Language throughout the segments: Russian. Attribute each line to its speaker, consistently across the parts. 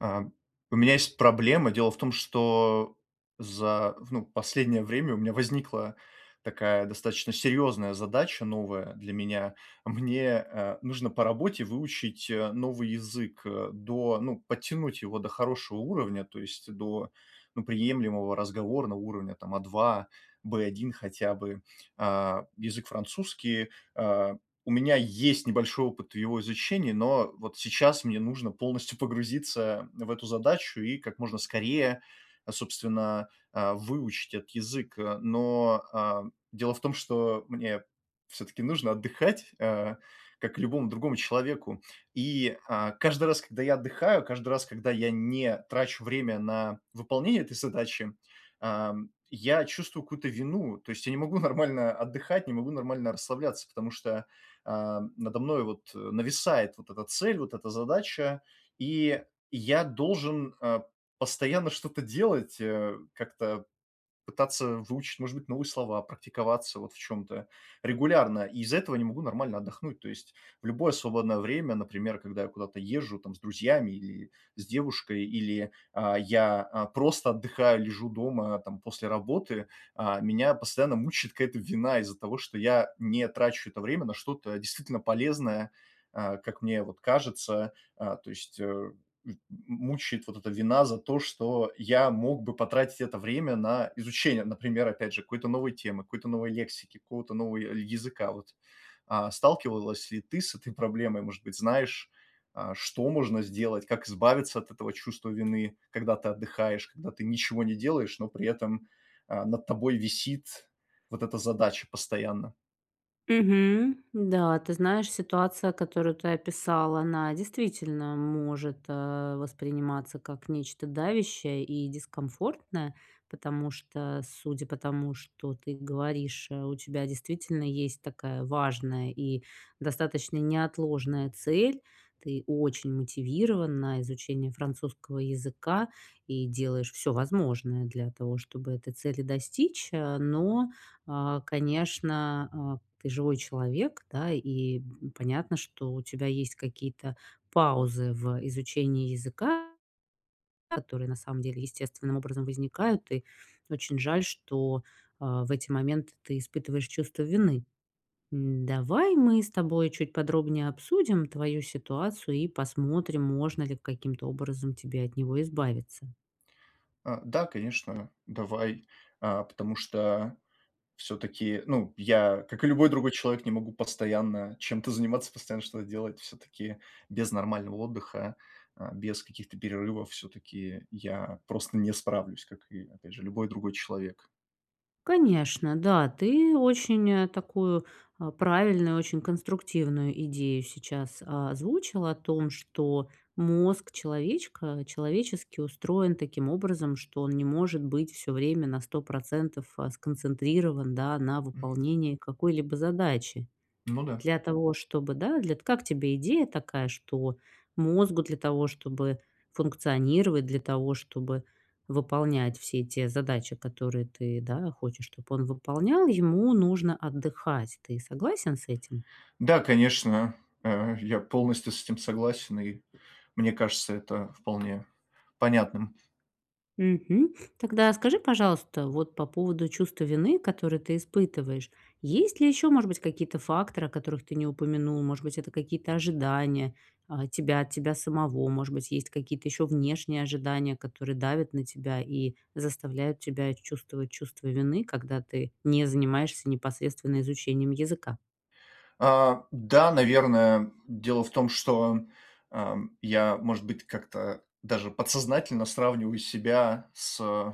Speaker 1: Ам, у меня есть проблема. Дело в том, что за, в, ну, последнее время у меня возникла такая достаточно серьезная задача, новая для меня. Мне, а, нужно по работе выучить, а, новый язык, э, до, ну, подтянуть его до хорошего уровня, то есть до, ну, приемлемого разговорного уровня, там, А2, В1 хотя бы. А, язык французский. А, у меня есть небольшой опыт в его изучении, но вот сейчас мне нужно полностью погрузиться в эту задачу и как можно скорее, а, собственно, а, выучить этот язык, а. Но, ам, дело в том, что мне всё-таки нужно отдыхать, а, как и любому другому человеку. И, а, каждый раз, когда я отдыхаю, каждый раз, когда я не трачу время на выполнение этой задачи, ам, я чувствую какую-то вину. То есть я не могу нормально отдыхать, не могу нормально расслабляться, потому что, ам, надо мною, вот, э, нависает вот эта цель, вот эта задача, и я должен, э, постоянно что-то делать, э, как-то пытаться выучить, может быть, новые слова, практиковаться вот в чём-то регулярно. И из-за этого не могу нормально отдохнуть. То есть в любое свободное время, например, когда я куда-то езжу, там, с друзьями или с девушкой, или, а, я, а, просто отдыхаю, лежу дома, там, после работы, а, меня постоянно мучает какая-то вина из-за того, что я не трачу это время на что-то действительно полезное, а, как мне вот кажется. А, то есть, э, м мучает вот эта вина за то, что я мог бы потратить это время на изучение, например, опять же, какой-то новой темы, какой-то новой лексики, какого-то нового я языка. Вот. А, сталкивалась ли ты с этой проблемой? Может быть, знаешь, а, что можно сделать? Как избавиться от этого чувства вины, когда ты отдыхаешь, когда ты ничего не делаешь, но при этом, а, над тобой висит вот эта задача постоянно?
Speaker 2: Мгм. Н-да, ты знаешь, ситуация, которую ты описал, она действительно может, а, восприниматься как нечто давящее и дискомфортное. Потому что, судя по тому, что ты говоришь, а, у тебя действительно есть такая важная и достаточно неотложная цель. Ты очень мотивирован на изучение французского языка и делаешь всё возможное для того, чтобы этой цели достичь. А, но, а, конечно, а, ты живой человек, да? И б м, понятно, что у тебя есть какие-то паузы в, э, изучении языка, которые, на самом деле, естественным образом возникают. И очень жаль, что, а, в эти моменты ты испытываешь чувство вины. М, давай мы с тобой чуть подробнее обсудим твою ситуацию и посмотрим, можно ли каким-то образом тебе от него избавиться.
Speaker 1: А, да, конечно, давай. А, потому что всё-таки, ну, я, как и любой другой человек, не могу постоянно чем-то заниматься, постоянно что-то делать. Всё-таки без нормального отдыха, э, без каких-то перерывов, всё-таки я просто не справлюсь, как и, опять же, любой другой человек.
Speaker 2: Конечно, да. Ты очень, э, такую, а, правильную, очень конструктивную идею сейчас озвучил о том, что мозг человечка, человеческий, устроен таким образом, что он не может быть всё время на 100 % а, сконцентрирован, да, на
Speaker 1: Мгм.
Speaker 2: выполнении какой-либо задачи.
Speaker 1: Ну да.
Speaker 2: Для того чтобы, да, для т Как тебе идея такая, что мозгу, для того чтобы функционировать, для того чтобы выполнять все те задачи, которые ты, да, хочешь, чтобы он выполнял, ему нужно отдыхать. Ты согласен с этим?
Speaker 1: Да, конечно. Э, я полностью с этим согласен, и мне кажется это вполне понятным.
Speaker 2: Мгм. Тогда скажи, пожалуйста, вот по поводу чувства вины, которое ты испытываешь, есть ли ещё, может быть, какие-то факторы, о которых ты не упомянул? Может быть, это какие-то ожидания, э, тебя от тебя самого. Может быть, есть какие-то ещё внешние ожидания, которые давят на тебя и заставляют тебя чувствовать чувство вины, когда ты не занимаешься непосредственно изучением языка?
Speaker 1: А, да, наверное. Дело в том, что, ам, я, может быть, как-то даже подсознательно сравниваю себя с, э,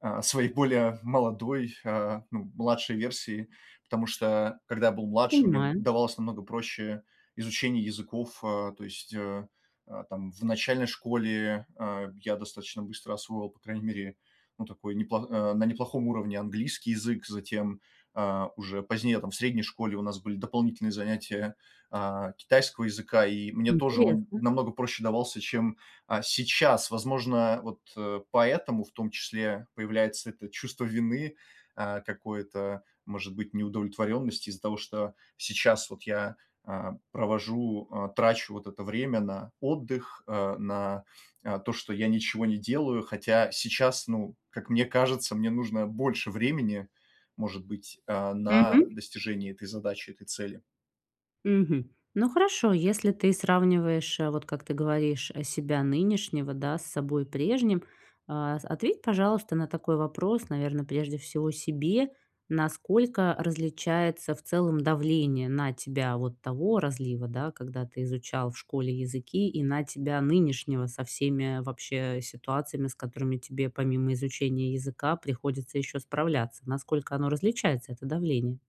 Speaker 1: э, своей более молодой, э, ну, младшей версией. Потому что когда я был младше, мне, м,
Speaker 2: Понимаю.
Speaker 1: давалось намного проще изучение языков. Э, то есть, э, э, там, в начальной школе, э, я достаточно быстро освоил, по крайней мере, ну, такой неплох а, на неплохом уровне английский язык. Затем, а, уже позднее, там, в средней школе у нас были дополнительные занятия, а, китайского языка, и мне тоже он
Speaker 2: Интересно.
Speaker 1: намного проще давался, чем, а, сейчас. Возможно, вот, э, поэтому, в том числе, появляется это чувство вины, а, какое-то, может быть, неудовлетворенности из-за того, что сейчас вот я, а, провожу, а, трачу вот это время на отдых, э, на, а, то, что я ничего не делаю. Хотя сейчас, ну, как мне кажется, мне нужно больше времени, может быть, а, на
Speaker 2: Мгм.
Speaker 1: достижение этой задачи, этой цели.
Speaker 2: Мгм. Ну хорошо, если ты сравниваешь, э, вот как ты говоришь, э, себя нынешнего, да, с собой прежним, а, с ответь, пожалуйста, на такой вопрос, наверное, прежде всего себе: насколько различается в целом давление на тебя вот того разлива, да, когда ты изучал в школе языки, и на тебя нынешнего со всеми вообще ситуациями, с которыми тебе, помимо изучения языка, приходится ещё справляться. Насколько оно различается, это давление?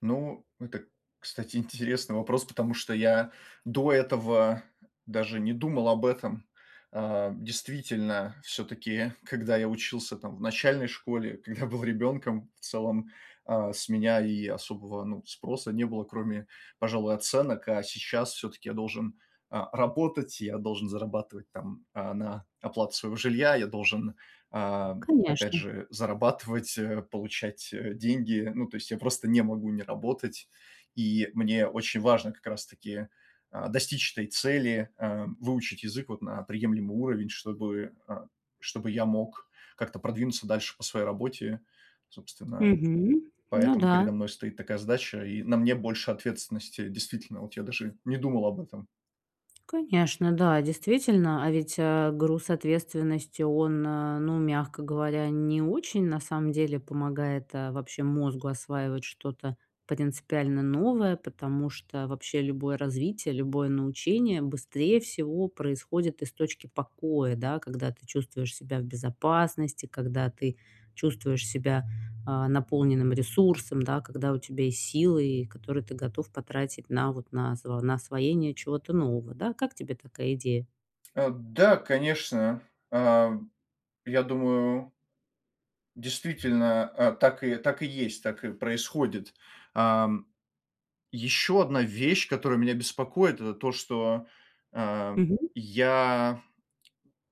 Speaker 1: Ну это, кстати, интересный вопрос, потому что я до этого даже не думал об этом. Э, действительно, все-таки когда я учился там в начальной школе, когда был ребенком, в целом, а, с меня и особого, ну, спроса не было, кроме, пожалуй, оценок. А сейчас все-таки я должен, а, работать, я должен зарабатывать, там, а, на оплату своего жилья. Я должен, а, опять
Speaker 2: Конечно.
Speaker 1: же зарабатывать, э, получать, э, деньги. Ну, то есть я просто не могу не работать, и мне очень важно как раз таки, а, достичь этой цели: э, выучить язык вот на приемлемый уровень, чтобы, а, чтобы я мог как-то продвинуться дальше по своей работе. Собственно,
Speaker 2: Мгм. Ну
Speaker 1: поэтому
Speaker 2: да.
Speaker 1: передо мной стоит такая задача, и на мне больше ответственности. Действительно, вот я даже не думал об этом.
Speaker 2: Конечно, да, действительно. А ведь, э, груз ответственности он, э, ну, мягко говоря, не очень на самом деле помогает, э, вообще мозгу осваивать что-то принципиально новое. Потому что вообще любое развитие, любое научение быстрее всего происходит из точки покоя, да? Когда ты чувствуешь себя в безопасности, когда ты чувствуешь себя, а, наполненным ресурсом, да? Когда у тебя есть силы, и которые ты готов потратить на вот, на зва на освоение чего-то нового, да? Как тебе такая идея?
Speaker 1: Эм. Да, конечно. А, я думаю действительно, а, так и, так и есть, так и происходит. Ам, ещё одна вещь, которая меня беспокоит, это то, что, а,
Speaker 2: Мгм.
Speaker 1: я,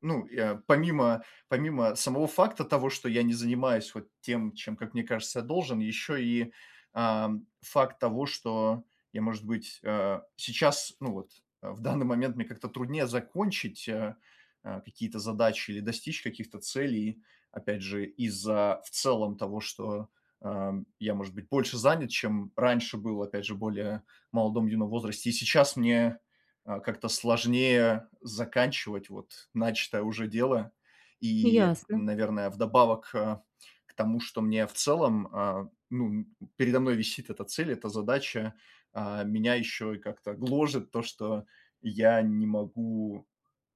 Speaker 1: ну, я помимо, помимо самого факта того, что я не занимаюсь вот тем, чем, как мне кажется, я должен, ещё и, ам, факт того, что я, может быть, э, сейчас, ну, вот, а, в данный момент мне как-то труднее закончить, а, а, какие-то задачи или достичь каких-то целей. Опять же, из-за в целом того, что, а, я, может быть, больше занят, чем раньше был, опять же, более в молодом, юном возрасте. И сейчас мне, а, как-то сложнее заканчивать, вот, начатое уже дело. И,
Speaker 2: Ясно.
Speaker 1: наверное, вдобавок, э, к тому, что мне в целом, а, ну, передо мной висит эта цель, эта задача, а, меня ещё и как-то гложет то, что я не могу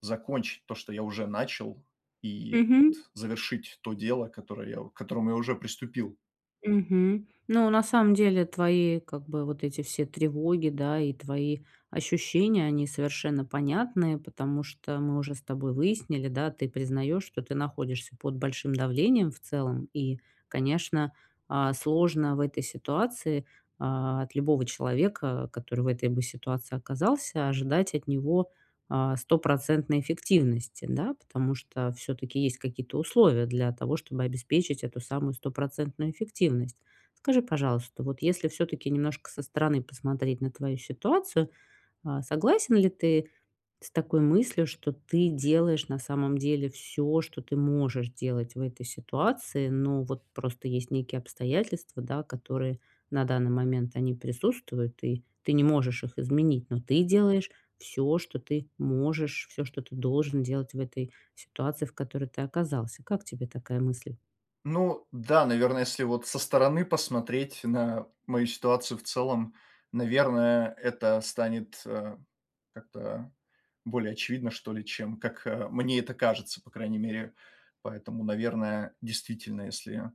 Speaker 1: закончить то, что я уже начал, и
Speaker 2: Мгм.
Speaker 1: вот завершить то дело, которое я к которому я уже приступил.
Speaker 2: Мгм. Ну, на самом деле твои как бы вот эти все тревоги, да, и твои ощущения, они совершенно понятные, потому что мы уже с тобой выяснили, да, ты признаешь, что ты находишься под большим давлением в целом. И, конечно, а, сложно в этой ситуации, а, от любого человека, который в этой бы ситуации оказался, ожидать от него, а, стопроцентной эффективности, да? Потому что всё-таки есть какие-то условия для того, чтобы обеспечить эту самую стопроцентную эффективность. Скажи, пожалуйста, вот если всё-таки немножко со стороны посмотреть на твою ситуацию, а, согласен ли ты с такой мыслью, что ты делаешь на самом деле всё, что ты можешь делать в этой ситуации, но вот просто есть некие обстоятельства, да, которые на данный момент они присутствуют, и ты не можешь их изменить, но ты делаешь всё, что ты можешь, всё, что ты должен делать в этой ситуации, в которой ты оказался. Как тебе такая мысль?
Speaker 1: Ну да, наверно, если вот со стороны посмотреть на мою ситуацию в целом, наверное, это станет, э, как-то более очевидно, что ли, чем как, э, мне это кажется, по крайней мере. Поэтому, наверное, действительно, если,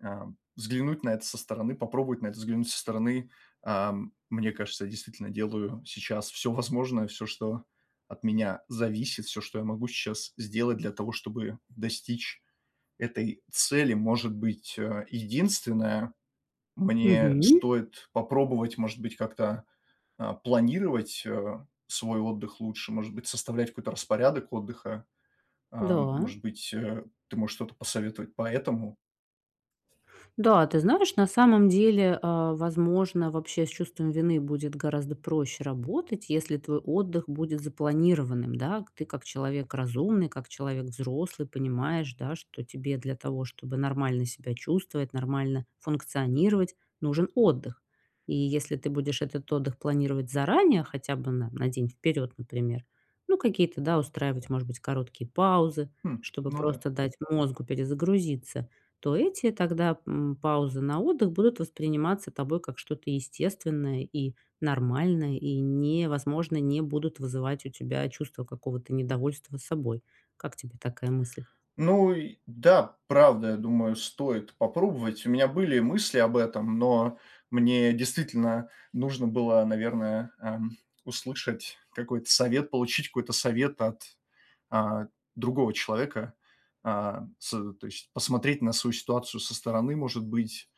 Speaker 1: э, взглянуть на это со стороны, попробовать на это взглянуть со стороны, э, мне кажется, я действительно делаю сейчас всё возможное, всё, что от меня зависит, всё, что я могу сейчас сделать для того, чтобы достичь этой цели. Может быть, э, единственное, мне
Speaker 2: Мгм.
Speaker 1: стоит попробовать, может быть, как-то, э, планировать, э, свой отдых лучше, может быть, составлять какой-то распорядок отдыха. Э,
Speaker 2: Да.
Speaker 1: может быть, э, ты можешь что-то посоветовать по этому?
Speaker 2: Да. Ты знаешь, на самом деле, а, возможно, вообще с чувством вины будет гораздо проще работать, если твой отдых будет запланированным, да? К ты как человек разумный, как человек взрослый, понимаешь, да, что тебе для того, чтобы нормально себя чувствовать, нормально функционировать, нужен отдых. И если ты будешь этот отдых планировать заранее, хотя бы на на день вперед, например, ну, какие-то, да, устраивать, может быть, короткие паузы,
Speaker 1: Хм,
Speaker 2: чтобы
Speaker 1: ну да.
Speaker 2: просто дать мозгу перезагрузиться, то эти тогда, м, паузы на отдых будут восприниматься тобой как что-то естественное и нормальное, и не возможно, не будут вызывать у тебя чувство какого-то недовольства собой. Как тебе такая мысль?
Speaker 1: Ну и да, правда, я думаю, стоит попробовать. У меня были мысли об этом, но мне действительно нужно было, наверное, эм, услышать какой-то совет, получить какой-то совет от, э, другого человека. Э, с то есть посмотреть на свою ситуацию со стороны, может быть.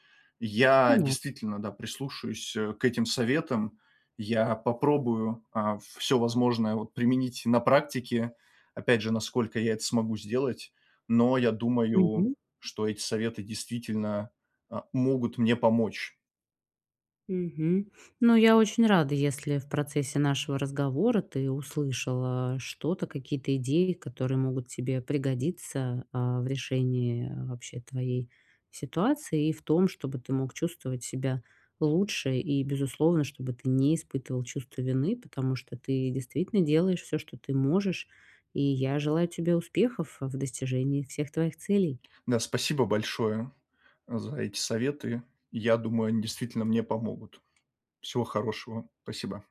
Speaker 1: Я
Speaker 2: Понятно.
Speaker 1: действительно, да, прислушаюсь, э, к этим советам. Я попробую, э, всё возможное, вот, применить на практике. Опять же, насколько я это смогу сделать. Но я думаю,
Speaker 2: Мгм.
Speaker 1: что эти советы действительно, э, могут мне помочь.
Speaker 2: Мгм. Ну, я очень рада, если в процессе нашего разговора ты услышал, а, что-то, какие-то идеи, которые могут тебе пригодиться, а, в решении вообще твоей ситуации и в том, чтобы ты мог чувствовать себя лучше. И, безусловно, чтобы ты не испытывал чувство вины, потому что ты действительно делаешь всё, что ты можешь. И я желаю тебе успехов э в достижении всех твоих целей.
Speaker 1: Да, спасибо большое а за эти советы. Я думаю, они действительно мне помогут. Всего хорошего. Спасибо.